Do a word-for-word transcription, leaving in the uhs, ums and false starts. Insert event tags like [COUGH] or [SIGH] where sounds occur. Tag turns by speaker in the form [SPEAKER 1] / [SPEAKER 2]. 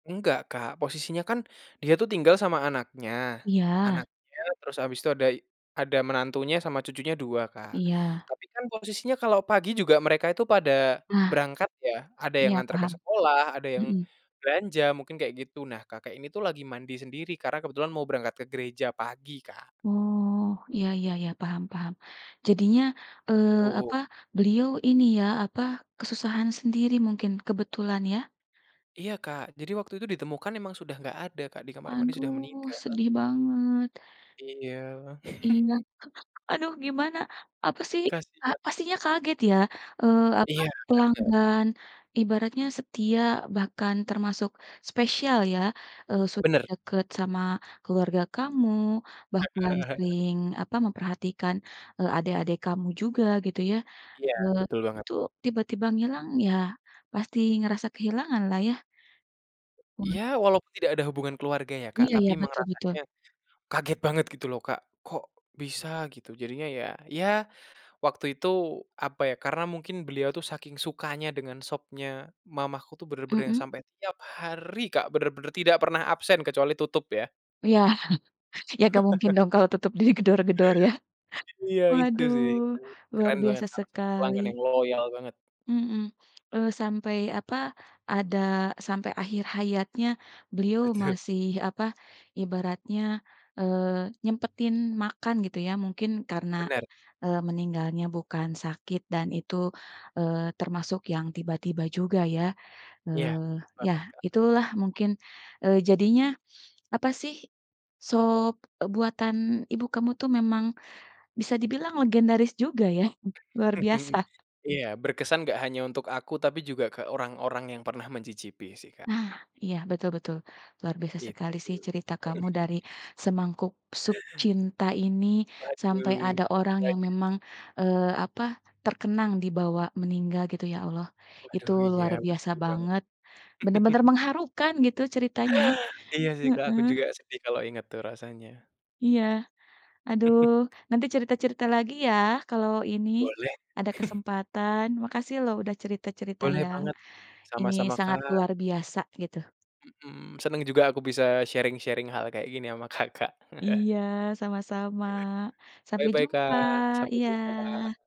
[SPEAKER 1] Enggak Kak, posisinya kan dia tuh tinggal sama anaknya,
[SPEAKER 2] Iya.
[SPEAKER 1] anaknya terus habis itu ada ada menantunya, sama cucunya dua Kak,
[SPEAKER 2] Iya.
[SPEAKER 1] tapi kan posisinya kalau pagi juga mereka itu pada
[SPEAKER 2] Nah,
[SPEAKER 1] berangkat ya, ada yang
[SPEAKER 2] iya
[SPEAKER 1] nganter ke
[SPEAKER 2] paham.
[SPEAKER 1] sekolah, ada yang
[SPEAKER 2] Mhm.
[SPEAKER 1] belanja, mungkin kayak gitu. Nah kakek ini tuh lagi mandi sendiri karena kebetulan mau berangkat ke gereja pagi Kak.
[SPEAKER 2] Oh, ya ya ya paham paham. Jadinya, eee,
[SPEAKER 1] Tu
[SPEAKER 2] apa, beliau ini ya, apa, kesusahan sendiri mungkin, kebetulan ya?
[SPEAKER 1] Iya Kak, jadi waktu itu ditemukan memang sudah enggak ada Kak, di kamar mandi sudah
[SPEAKER 2] Aduh,
[SPEAKER 1] meninggal.
[SPEAKER 2] sedih banget.
[SPEAKER 1] Iya. [CHUCKLES]
[SPEAKER 2] Iya, aduh gimana, apa sih, ah
[SPEAKER 1] Kasihan.
[SPEAKER 2] pastinya kaget ya, eee, apa,
[SPEAKER 1] Iya, bener.
[SPEAKER 2] pelanggan ibaratnya setia bahkan termasuk spesial ya. Eee, sudah
[SPEAKER 1] Bener.
[SPEAKER 2] deket sama keluarga kamu bahkan
[SPEAKER 1] [CHUCKLES]
[SPEAKER 2] sering apa memperhatikan, eee, adek-adek kamu juga gitu ya,
[SPEAKER 1] Iya,
[SPEAKER 2] eee,
[SPEAKER 1] betul banget.
[SPEAKER 2] itu tiba-tiba ngilang ya, pasti ngerasa kehilangan lah ya. Wah.
[SPEAKER 1] Ya, walaupun tidak ada hubungan keluarga ya Kak,
[SPEAKER 2] Iya ya,
[SPEAKER 1] tapi emang
[SPEAKER 2] betul
[SPEAKER 1] rasanya,
[SPEAKER 2] betul.
[SPEAKER 1] kaget banget gitu loh Kak, kok bisa gitu. Jadinya, ya, ya waktu itu apa ya, karena mungkin beliau tuh saking sukanya dengan sopnya mamaku tuh bener-bener yang
[SPEAKER 2] Mhm.
[SPEAKER 1] sampai tiap hari Kak, bener-bener tidak pernah absen kecuali tutup ya.
[SPEAKER 2] Iya. [CHUCKLES] Ya enggak mungkin
[SPEAKER 1] [CHUCKLES]
[SPEAKER 2] dong kalau tutup di gedor-gedor ya.
[SPEAKER 1] Iya itu sih, itu
[SPEAKER 2] Waduh, luar
[SPEAKER 1] keren banget
[SPEAKER 2] biasa
[SPEAKER 1] salah satu
[SPEAKER 2] sekali.
[SPEAKER 1] pelanggan yang loyal banget.
[SPEAKER 2] Hmm, eee, sampai apa ada, sampai akhir hayatnya beliau
[SPEAKER 1] Betul.
[SPEAKER 2] masih apa, ibaratnya eee, nyempetin makan gitu ya mungkin karena,
[SPEAKER 1] Bener.
[SPEAKER 2] eee, meninggalnya bukan sakit dan itu, eee, termasuk yang tiba-tiba juga ya.
[SPEAKER 1] Iya,
[SPEAKER 2] Eee, ya
[SPEAKER 1] banget Kak.
[SPEAKER 2] itulah mungkin, eee, jadinya apa sih, sup buatan Ibu kamu tuh memang bisa dibilang legendaris juga ya. Luar
[SPEAKER 1] [CHUCKLES]
[SPEAKER 2] biasa.
[SPEAKER 1] Iya, berkesan enggak hanya untuk aku, tapi juga ke orang-orang yang pernah mencicipi sih Kak.
[SPEAKER 2] Nah, iya betul-betul. Luar biasa
[SPEAKER 1] Gitu.
[SPEAKER 2] sekali sih cerita kamu, dari
[SPEAKER 1] [CHUCKLES]
[SPEAKER 2] semangkuk sup cinta ini. Sampai
[SPEAKER 1] Waduh,
[SPEAKER 2] ada orang yang
[SPEAKER 1] waduh.
[SPEAKER 2] memang, eee, apa, terkenang dibawa meninggal gitu ya Allah, itu
[SPEAKER 1] Waduh, iya
[SPEAKER 2] luar biasa
[SPEAKER 1] bener banget.
[SPEAKER 2] banget bener-bener
[SPEAKER 1] [CHUCKLES]
[SPEAKER 2] mengharukan gitu, ceritanya.
[SPEAKER 1] Iya sih Kak, aku
[SPEAKER 2] Heeh.
[SPEAKER 1] juga sedih kalau inget tuh rasanya.
[SPEAKER 2] Iya, aduh
[SPEAKER 1] [CHUCKLES]
[SPEAKER 2] nanti cerita-cerita lagi ya, kalau ini,
[SPEAKER 1] Boleh.
[SPEAKER 2] ada
[SPEAKER 1] [CHUCKLES]
[SPEAKER 2] kesempatan. Makasih lho udah cerita-cerita
[SPEAKER 1] Boleh
[SPEAKER 2] yang
[SPEAKER 1] banget,
[SPEAKER 2] ini,
[SPEAKER 1] sama-sama
[SPEAKER 2] sangat
[SPEAKER 1] Kak.
[SPEAKER 2] luar biasa gitu.
[SPEAKER 1] Hmm, seneng juga aku bisa sharing-sharing hal kayak gini ama Kakak. [CHUCKLES]
[SPEAKER 2] Iya, sama-sama, sampai
[SPEAKER 1] Bye-bye
[SPEAKER 2] jumpa,
[SPEAKER 1] Kak, sampai jumpa.
[SPEAKER 2] iya.